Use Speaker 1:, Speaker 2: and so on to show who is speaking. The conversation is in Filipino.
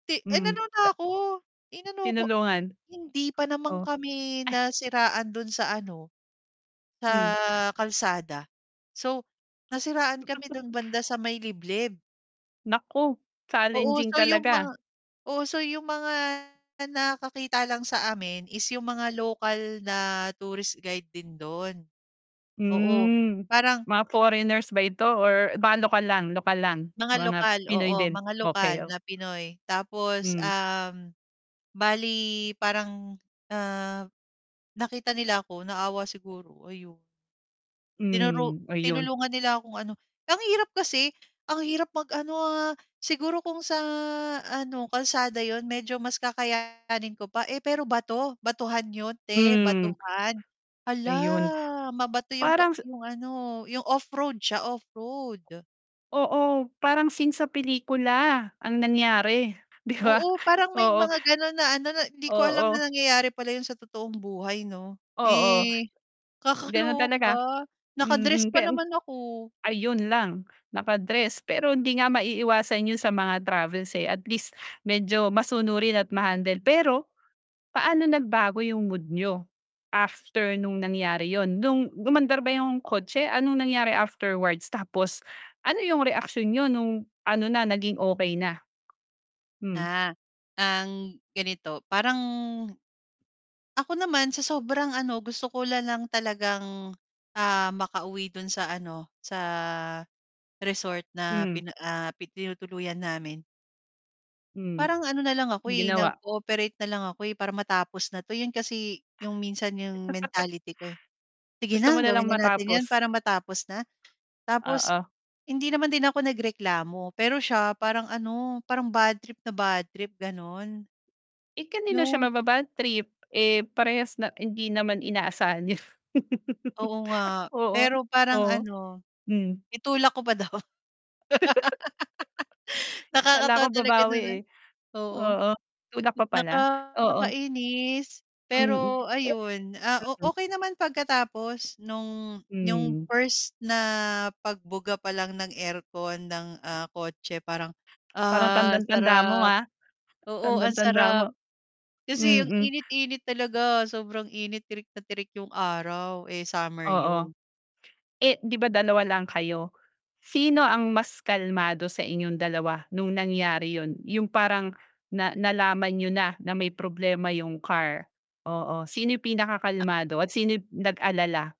Speaker 1: Ti
Speaker 2: Mm,
Speaker 1: inano na
Speaker 2: ta
Speaker 1: ako, inano ko,
Speaker 2: Tinulungan,
Speaker 1: hindi pa naman
Speaker 2: oh.
Speaker 1: kami nasiraan do'n sa ano, sa
Speaker 2: Hmm.
Speaker 1: kalsada, so nasiraan kami do'n banda sa may liblib.
Speaker 2: Nako,
Speaker 1: Oo,
Speaker 2: challenging
Speaker 1: so 'yong mga
Speaker 2: talaga.
Speaker 1: oo so 'yong mga nakakakita lang sa amin is 'yong mga local na tourist guide din do'n. Oo
Speaker 2: Hmm,
Speaker 1: parang
Speaker 2: mga foreigners ba ito or baka lokal lang, lokal lang,
Speaker 1: Mga
Speaker 2: mga
Speaker 1: lokal,
Speaker 2: Pinoy
Speaker 1: oo
Speaker 2: din,
Speaker 1: mga
Speaker 2: okey,
Speaker 1: lokal
Speaker 2: o
Speaker 1: na Pinoy tapos,
Speaker 2: Mm.
Speaker 1: um, bali parang, ah, nakita nila ako naawa siguro ayon. Tinuro
Speaker 2: Hmm, ayon.
Speaker 1: tinulungan nila kung ano ang hirap kasi, ang hirap mag-ano, ah, siguro kung sa ano kalsada 'yon medyo mas kakayanin ko pa, eh, pero bato, batuhan 'yon 'te,
Speaker 2: Mm,
Speaker 1: batuhan.
Speaker 2: ayon,
Speaker 1: Hala, mabato 'yong ka
Speaker 2: parang sa
Speaker 1: 'yong ano 'yong off-road, siya off-road.
Speaker 2: Oo, parang scene sa pelikula ang nangyari di ba,
Speaker 1: Oo parang may
Speaker 2: oo,
Speaker 1: mga gano'n na ano na hindi ko alam
Speaker 2: oo.
Speaker 1: na nangyayari pala 'yon sa totoong buhay 'no,
Speaker 2: Oo,
Speaker 1: eh,
Speaker 2: ganon talaga,
Speaker 1: kakaloka naka-dress
Speaker 2: mm,
Speaker 1: pa
Speaker 2: pe mm.
Speaker 1: naman ako.
Speaker 2: Ayon lang naka-dress pero hindi nga maiiwasan 'yon sa mga travels, eh, at least medyo masunurin at na-handle. Pero paano nagbago 'yong mood n'yo after no'ng nangyari 'yon no'ng umandar ba 'yong kotse, anong nangyari afterwards tapos ano 'yong reaksyon niyo no'ng ano na naging okay na? Hmm.
Speaker 1: Ah, ang ganito, parang ako naman sa sobrang ano gusto ko nalang talagang, ah, makauwi do'n sa ano sa resort na
Speaker 2: Mm.
Speaker 1: pina ah, pi tinutuluyan namin.
Speaker 2: Mm,
Speaker 1: Parang ano na lang ako, eh,
Speaker 2: ginawa.
Speaker 1: nag-cooperate na lang ako, eh, para matapos na 'to 'yon kasi 'yong minsan 'yong mentality ko, eh, "Sige
Speaker 2: Gusto
Speaker 1: na
Speaker 2: mo nalang
Speaker 1: gawin na natin 'yan
Speaker 2: matapos.
Speaker 1: para matapos na." Tapos,
Speaker 2: Oo.
Speaker 1: hindi naman din ako nagreklamo pero siya parang ano parang badtrip na badtrip gano'n.
Speaker 2: Eh, kanino siya
Speaker 1: 'Yong
Speaker 2: mababadtrip, eh, parehas na hindi naman inaasahan yo'n.
Speaker 1: Oo nga,
Speaker 2: Oo,
Speaker 1: pero parang
Speaker 2: oo,
Speaker 1: ano,
Speaker 2: mm.
Speaker 1: itulak ko pa daw.
Speaker 2: Kala ko
Speaker 1: nakakatawa talaga
Speaker 2: babawi,
Speaker 1: no'n, eh,
Speaker 2: eh,
Speaker 1: oo.
Speaker 2: oo, tulak pa pala, oo.
Speaker 1: Nakakainis
Speaker 2: Mm.
Speaker 1: pero
Speaker 2: Pe
Speaker 1: ayon, ah, o
Speaker 2: mm.
Speaker 1: okey naman pagkatapos no'ng yong
Speaker 2: Mm.
Speaker 1: first na pagbuga palang ng aircon ng, ah, kotse parang,
Speaker 2: Parang
Speaker 1: ah,
Speaker 2: tandang tanda mo
Speaker 1: sarap,
Speaker 2: ha,
Speaker 1: oo
Speaker 2: tandang
Speaker 1: ang
Speaker 2: tanda mo.
Speaker 1: sarap. Kasi ang
Speaker 2: Mm.
Speaker 1: init-init talaga sobrang init, tirik na tirik 'yong araw, eh, summer
Speaker 2: Oo,
Speaker 1: 'yon.
Speaker 2: eh, di ba dalawa lang kayo sino ang mas kalmado sa inyong dalawa no'ng nangyari 'yon, 'yong parang na nalaman n'yo na, na may problema 'yong car. Oo, sino 'yong pinaka kalmado at sino 'yong nag-alala?